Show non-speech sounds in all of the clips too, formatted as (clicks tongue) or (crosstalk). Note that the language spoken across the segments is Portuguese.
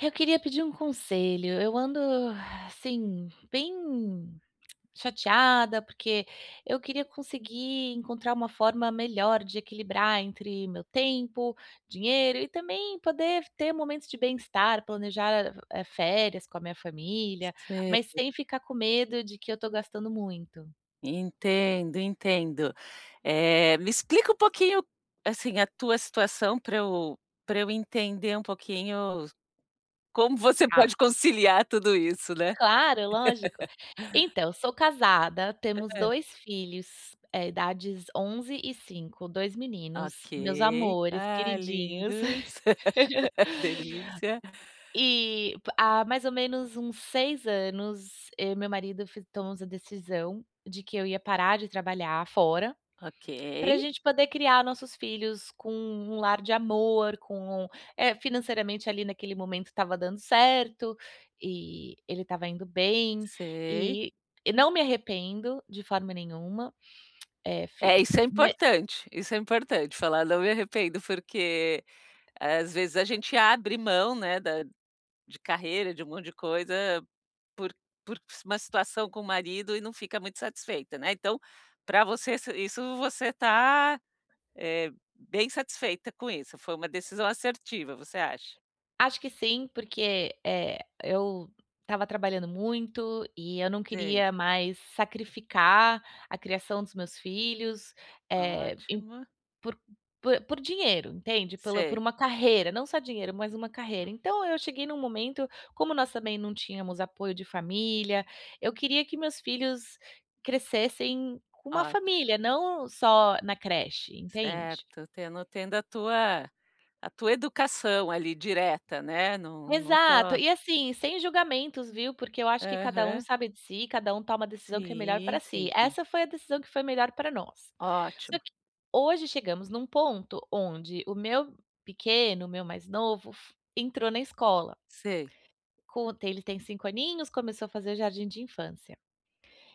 Eu queria pedir um conselho. Eu ando, (exhales) assim, bem (clicks tongue) chateada, porque eu queria conseguir encontrar uma forma melhor de equilibrar entre o meu tempo, dinheiro e também poder ter momentos de bem-estar, planejar, eh eh, férias com a minha família, Sei. mas sem ficar com medo de que eu tô gastando muito. Entendo, entendo. Eh, me explica um pouquinho, assim, a tua situação pra eu pra eu entender um pouquinho como você Tá. pode conciliar tudo isso, né. Claro, lógico. (laughs) Então, sou casada, temos Hã. 2 filhos, eh, idades 11 e 5, 2 Ok. meninos, meus amores, Ah, queridinhos. lindos. (laughs) (laughs) Delícia. Eh, pa há mais ou menos uns 6 anos, eu e meu marido fi tomamos a decisão de que eu ia parar de trabalhar fora, Ok. pra gente poder criar nossos filhos com um lar de amor, com é, financeiramente, ali, naquele momento estava dando certo, eh, ele estava indo bem. Sei. Eh não me arrependo de forma nenhuma. (clicks tongue) Eh, fi É, isso fu é me importante, isso é importante falar: "Não me arrependo". Porque, às vezes a gente abre mão, né, da de carreira, de um monte de coisa por por uma situação com o marido e não fica muito satisfeita, né, então, pra você se isso você tá, eh, bem satisfeita com isso, foi uma decisão assertiva, você acha? Acho que sim, porque, eh, eu estava trabalhando muito, e eu não Sei. queria mais sacrificar a criação dos meus filhos, eh, em Ótimo. por po por dinheiro, entende? Pela por Sei. uma carreira, não só dinheiro, mas uma carreira. Então, eu cheguei num momento como nós também não tínhamos apoio de família, eu queria que meus filhos crescessem com uma Ótimo. família, não só na creche, entende? Certo, tendo tendo a tua a tua educação, ali, direta, né, não não Exato. só E, assim, sem julgamentos, viu, porque eu acho que cada um Aham. sabe de si, cada um toma a decisão que é melhor pra Sim. Sim, si. sim. Essa foi a decisão que foi melhor pra nós. Só Ótimo. que hoje chegamos num ponto onde o meu pequeno, o meu mais novo, fo entrou na escola. Sei. Com ele tem 5 aninhos, começou a fazer jardim de infância.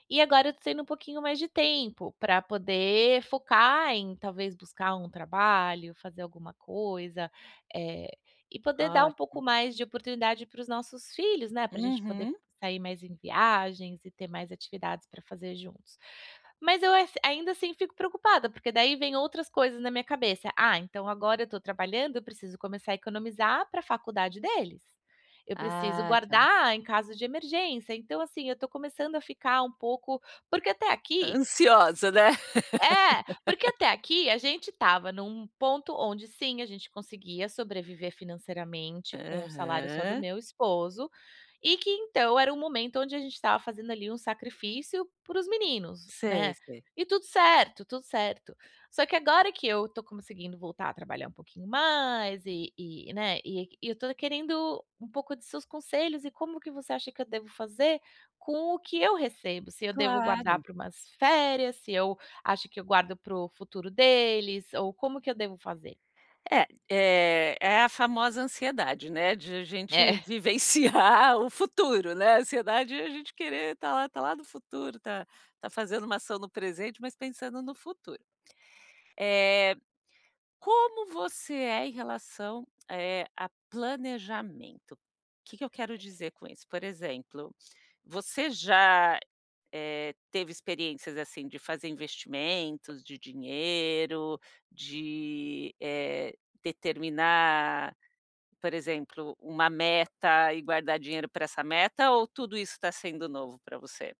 E agora eu tô tendo um pouquinho mais de tempo, pra poder focar em talvez buscar um trabalho, fazer alguma coisa, eh, e poder dar um pouco Ótimo. mais de oportunidade para os nossos filhos, né, pra a gente poder Uhum. sair mais em viagens e ter mais atividades pra fazer juntos. Mas eu es ainda, assim, fico preocupada, porque daí vem outras coisas na minha cabeça: "Ah, então, agora eu tô trabalhando, eu preciso começar a economizar pra a faculdade deles. Eu preciso Ah, tá. guardar em caso de emergência". Então, assim, eu tô começando a ficar um pouco porque até aqui Ansiosa, né? é, porque (laughs) até aqui a gente estava num ponto onde sim, a gente conseguia sobreviver financeiramente com o salário só do Aham. meu esposo e que, então, era o momento onde a gente estava fazendo, ali, um sacrifício para os meninos, Sei, né, sei. e tudo certo, tudo certo. Só que agora que eu tô conseguindo voltar a trabalhar um pouquinho mais e e né, e eu tô querendo um pouco de seus conselhos e como que você acha que eu devo fazer com o que eu recebo, se eu devo guardar Claro. pra umas férias, se eu acho que eu guardo para o futuro deles ou como que eu devo fazer? É, eh, é a famosa ansiedade, né, de a É. gente (chuckles) vivenciar o futuro, né, ansiedade, é a gente querer tá lá, tá lá no futuro, tá tá fazendo uma ação no presente, mas pensando no futuro. Eh, como você é em relação, eh, a planejamento? O que que eu quero dizer com isso? Por exemplo, você já, eh, teve experiências, assim, de fazer investimentos de dinheiro? De, eh, determinar por exemplo, uma meta e guardar dinheiro pra essa meta, ou tudo isso tá sendo novo pra você?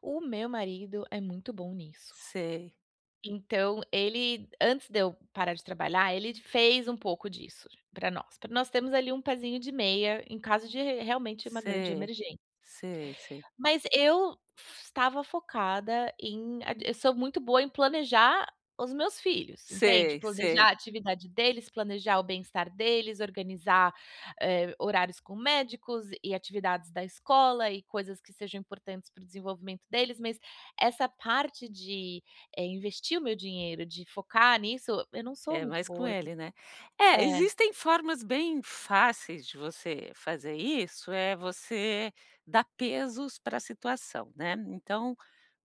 O meu marido é muito bom nisso. Sei. Então ele, antes de eu parar de trabalhar, ele fez um pouco disso pra nós pra nós termos ali um pézinho de meia em caso de r realmente uma grande Sei, emergên sei, sei. mas eu f estava focada em eu sou muito boa em planejar os meus filhos, entende, Sei, planejar sei. a atividade deles, planejar o bem-estar deles, organizar, eh, horários com médicos e atividades da escola, e coisas que sejam importantes para o desenvolvimento deles, mas essa parte de, eh, investir o meu dinheiro, de focar nisso, eu não sou É muito mais com boa, eu p ele, né. É, é. existem formas bem fáceis de você fazer isso, é você dar pesos pra situação, né. Então,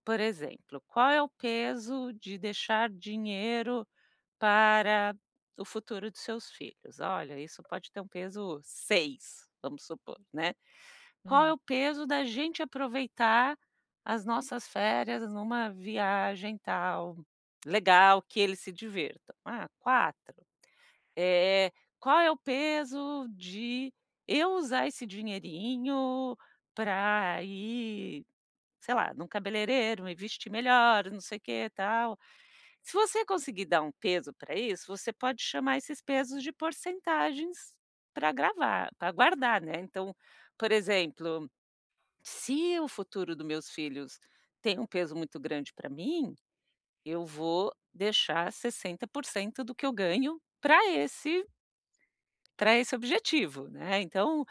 por exemplo, qual é o peso de deixar dinheiro para o futuro dos seus filhos? Olha, isso pode ter um peso 6, vamos supor, né. Qual é Hum. o peso da gente aproveitar as nossas férias numa viagem tal, legal, que eles se divirtam? Ah, 4. Eh, qual é o peso de eu usar esse dinheirinho pra ir, sei lá, no cabeleireiro, me vestir melhor, não sei o que, tal? Se você conseguir dar um peso pra isso, você pode chamar esses pesos de porcentagens pra gravar pra guardar, né. Então, por exemplo, se o futuro do meus filhos tem um peso muito grande pra mim, eu vou deixar, 60% do que eu ganho pra esse pra esse objetivo, né. Então,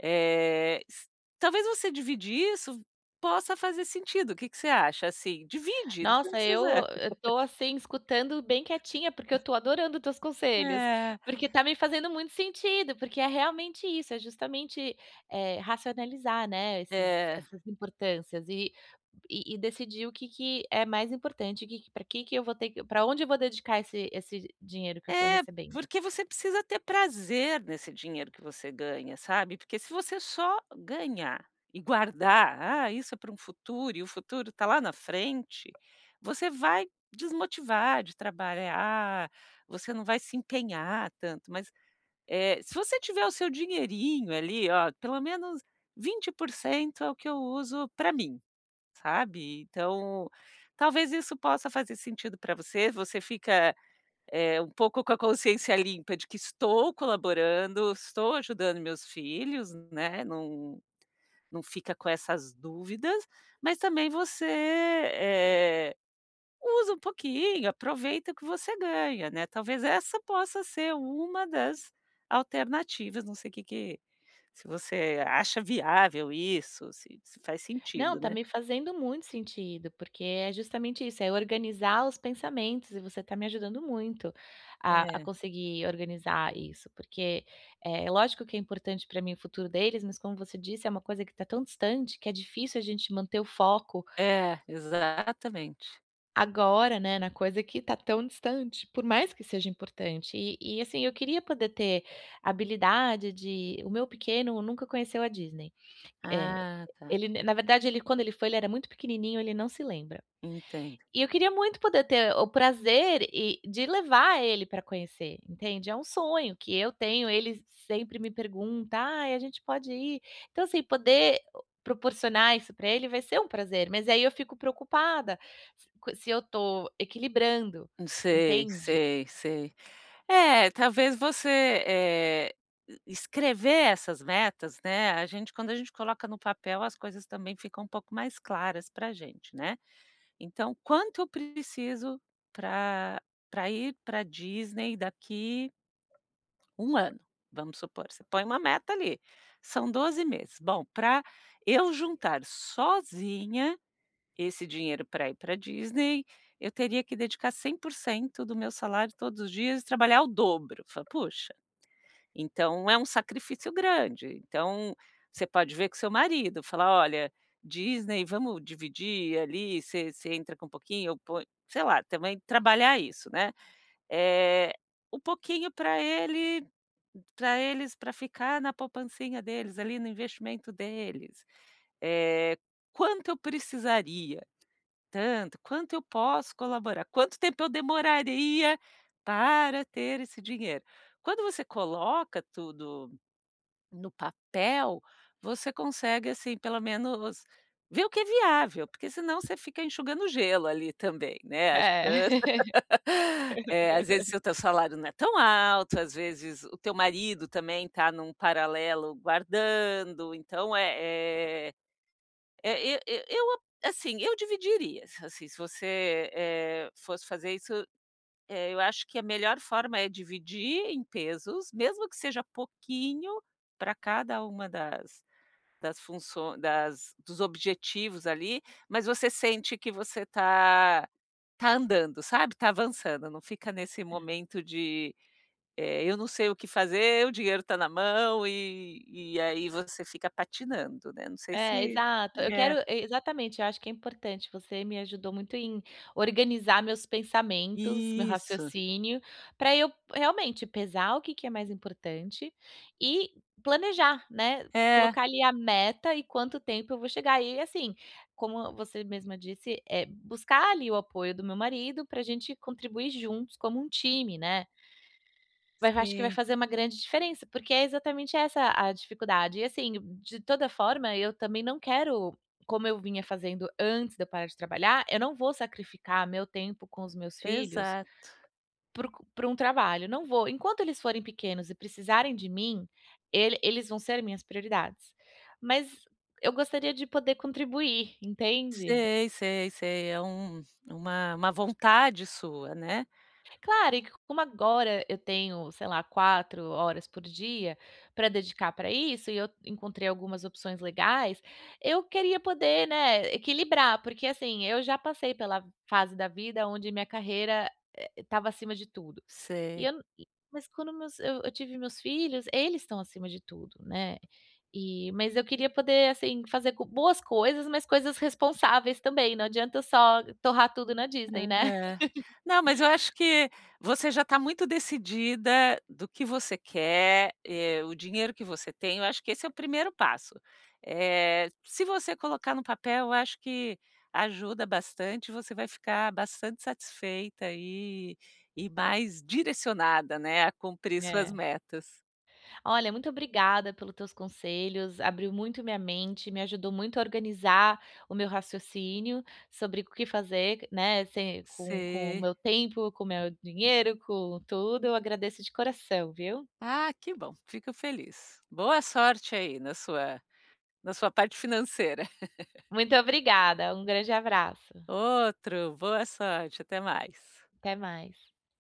eh, s talvez você dividir isso possa fazer sentido. O que que você acha, assim? Divide, você não Nossa, eu precisa eu (laughs) tô, assim, escutando bem quietinha, porque eu tô adorando teus conselhos, É. porque tá me fazendo muito sentido, porque é realmente isso, é justamente, eh, racionalizar, né, esses É essas importâncias e e e decidir o que que é mais importante, o que que pra que que eu vou ter que pra onde eu vou dedicar esse esse dinheiro que eu tô É, recebendo. porque você precisa ter prazer nesse dinheiro que você ganha, sabe, porque se você só ganhar e guardar: "Ah, isso é pra um futuro e o futuro tá lá na frente", você vai desmotivar de trabalhar, você não vai se empenhar tanto. Mas, eh, se você tiver o seu dinheirinho, ali, ó, pelo menos 20% é o que eu uso pra mim, sabe. Então, talvez isso possa fazer sentido pra você. Você fica, eh, um pouco com a consciência limpa de que estou colaborando, estou ajudando meus filhos, né, não não fica com essas dúvidas, mas, também, você, eh, usa um pouquinho, aproveita o que você ganha, né. Talvez essa possa ser uma das alternativas. Não sei o que que se você acha viável isso, se se faz Não, sentido, tá né. me fazendo muito sentido, porque é justamente isso, é organizar os pensamentos e você tá me ajudando muito a a É. conseguir organizar isso, porque, é, lógico que é importante pra mim o futuro deles, mas como você disse, é uma coisa que tá tão distante que é difícil a gente manter o foco. É, exatamente. Agora, né, na coisa que tá tão distante, por mais que seja importante. E e, assim, eu queria poder ter habilidade de o meu pequeno nunca conheceu a Disney. É, Ah, tá. ele na na verdade, ele quando ele foi, ele era muito pequenininho, ele não se lembra. Entendo. E eu queria muito poder ter o prazer, e de levar ele pra conhecer, entende, é um sonho que eu tenho. Ele sempre me pergunta: "Ai, a gente pode ir?" Então, assim, poder proporcionar isso pra ele vai ser um prazer, mas aí eu fico preocupada com se eu tô equilibrando, Sei, entende. sei, sei. É, talvez você, eh, e escrever essas metas, né, a gente quando a gente coloca no papel, as coisas também ficam um pouco mais claras pra gente, né. Então: "Quanto eu preciso pra pra ir pra Disney daqui 1 ano?" Vamos supor, você põe uma meta ali, são 12 meses: "Bom, pra eu juntar sozinha esse dinheiro pra ir pra Disney, eu teria que dedicar 100% do meu salário todos os dias e trabalhar o dobro". Eu falo: "Poxa!" Então é um sacrifício grande. Então você pode ver com seu marido, falar: "Olha, Disney, vamos dividir ali, você você entra com pouquinho, eu ponho" sei lá, também trabalhar isso, né, eh, um pouquinho pra ele pra eles, pra ficar na poupancinha deles ali, no investimento deles. Eh, quanto eu precisaria? Tanto. Quanto eu posso colaborar? Quanto tempo eu demoraria para ter esse dinheiro? Quando você coloca tudo no papel, você consegue, assim, pelo menos ver o que é viável, porque senão você fica enxugando gelo ali também, né, achando É. (laughs) é, às vezes, (laughs) seu o teu salário não é tão alto, às vezes, o teu marido também tá num paralelo guardando. Então, é é e e e eu assim, eu dividiria, as assim, se você, eh eh, fosse fazer isso, eh, eu acho que a melhor forma é dividir em pesos, mesmo que seja pouquinho pra cada uma das das funço das dos objetivos ali, mas você sente que você tá tá andando, sabe, tá avançando, não fica nesse É. momento de, eh: "Eu não sei o que fazer", o dinheiro tá na mão e e aí você fica patinando, né. Não sei É, se exato. Eu é. quero e exatamente. Eu acho que é importante, você me ajudou muito em organizar meus pensamentos, meu Isso. raciocínio, pra eu realmente pesar o que que é mais importante e planejar, né, É. colocar ali a meta em quanto tempo eu vou chegar. E, assim, como você mesma disse, é buscar ali o apoio do meu marido pra gente contribuir juntos como um time, né. Vai acho que vai Sim. fazer uma grande diferença, porque é exatamente essa a dificuldade. E, assim, de toda forma, eu também não quero como eu vinha fazendo antes de eu parar de trabalhar, eu não vou sacrificar meu tempo com os meus filhos Exato. para um para um trabalho, não vou. Enquanto eles forem pequenos e precisarem de mim, ele eles vão ser minhas prioridades. Mas eu gostaria de poder contribuir, entende? Sei, sei, sei. É um uma uma vontade sua, né. Claro, e co como agora eu tenho, sei lá, 4 horas por dia pra dedicar pra isso, e eu encontrei algumas opções legais, eu queria poder, né, equilibrar, porque, assim, eu já passei pela fase da vida onde minha carreira, eh, estava acima de tudo. E Sei. eu não mas quando meus eu eu tive meus filhos, eles estão acima de tudo, né, e mas eu queria poder, assim, fazer co boas coisas, mas coisas responsáveis também, não adianta só torrar tudo na Disney, né. É. (chuckles) Não, mas eu acho que você já tá muito decidida do que você quer, eh, o dinheiro que você tem, eu acho que esse é o primeiro passo. Eh, se você colocar no papel, eu acho que ajuda bastante, você vai ficar bastante satisfeita e e mais direcionada, né, a cumprir suas É. metas. Olha, muito obrigada pelos teus conselhos, abriu muito minha mente, me ajudou muito a organizar o meu raciocínio sobre o que fazer, né, se com com o Sei. meu tempo, com o meu dinheiro, com tudo. Eu agradeço de coração, viu. Ah, que bom! Fico feliz. Boa sorte aí na sua na sua parte financeira. (chuckles) Muito obrigada, um grande abraço. Outro. Boa sorte, até mais. Até mais.